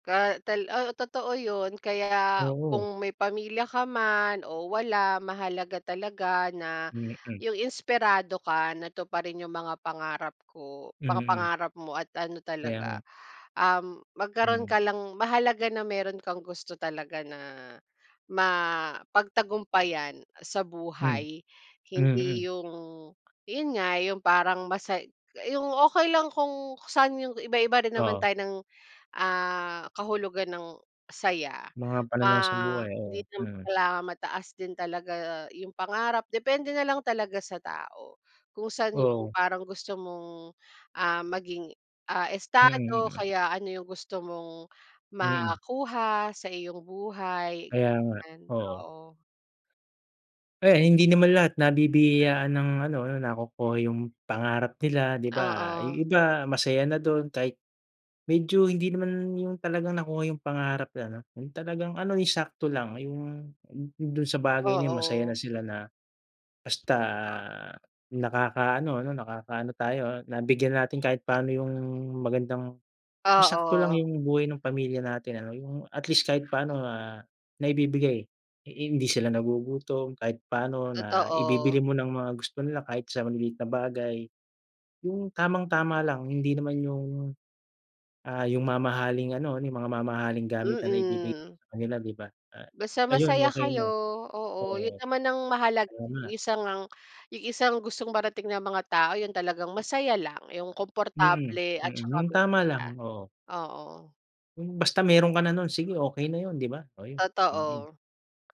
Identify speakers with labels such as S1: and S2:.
S1: Ka tal ah, totoo yun, kaya
S2: Oo.
S1: kung may pamilya ka man o wala, mahalaga talaga na
S2: Mm.
S1: yung inspirado ka na tuparin yung mga pangarap ko mga
S2: Mm.
S1: pangarap mo at ano
S2: Kaya
S1: talaga,
S2: nga.
S1: um, magkaroon
S2: Hmm.
S1: ka lang mahalaga na meron kang gusto talaga na mapagtagumpayan sa
S2: Hmm.
S1: buhay.
S2: Mm.
S1: Hindi yung yun nga, yung parang masay yung okey lang kung saan yung iba-iba rin naman
S2: Oo.
S1: tayo ng, ah, kahulugan ng saya.
S2: Mga pananaw sa
S1: Ah,
S2: buhay,
S1: hindi
S2: oo.
S1: naman
S2: Mm.
S1: kailangan mataas din talaga yung pangarap. Depende na lang talaga sa tao kung saan yung
S2: Oo.
S1: parang gusto mong, ah, maging ah,
S2: Mm,
S1: estado o
S2: mm.
S1: kaya ano yung gusto mong
S2: Mm.
S1: makuha sa iyong buhay.
S2: Kaya nga.
S1: 'Yan,
S2: Oo.
S1: oo.
S2: Eh, hindi naman lahat nabibiyayaan ng ano ano nakukuha yung pangarap nila, 'di ba?
S1: Oo.
S2: Yung iba masaya na dun kahit medyo, hindi naman yung talagang nakuha yung pangarap na ano, yung talagang ano yung sakto lang. Yung dun sa bagay na yun masaya na
S1: Oo.
S2: sila na, basta nakakaano, ano, nakakaano tayo ah, na bigyan natin kahit paano yung magandang yung sakto lang
S1: Oo.
S2: yung buhay nung pamilya natin ano. Yung at least kahit papano, ah, naibibigay. Hindi sila nagugutom kahit paano, na
S1: Totoo.
S2: ibibili mo ng mga gusto nila kahit sa maliliit na bagay. Yung tamang-tama lang hindi naman yung, ah, yung mamahaling ano, yung mga mamahaling gamit na naibigay
S1: Mm.
S2: sa kanila, 'di ba? Ah,
S1: Basta
S2: ayun,
S1: masaya
S2: okey
S1: kayo,
S2: na.
S1: oo. Yun
S2: Oo.
S1: naman ang mahalaga,
S2: Oo
S1: yung
S2: nga.
S1: isa ngang yung isang gustong marating ng mga tao yun talagang masaya lang, yung
S2: Mm,
S1: komportable at
S2: mm.
S1: saka
S2: Yung tama
S1: masaya.
S2: lang, oo.
S1: Oo.
S2: Yung basta meron ka na nun, sige, okey na yun, 'di ba? Oh, yun. Mm.
S1: Totoo.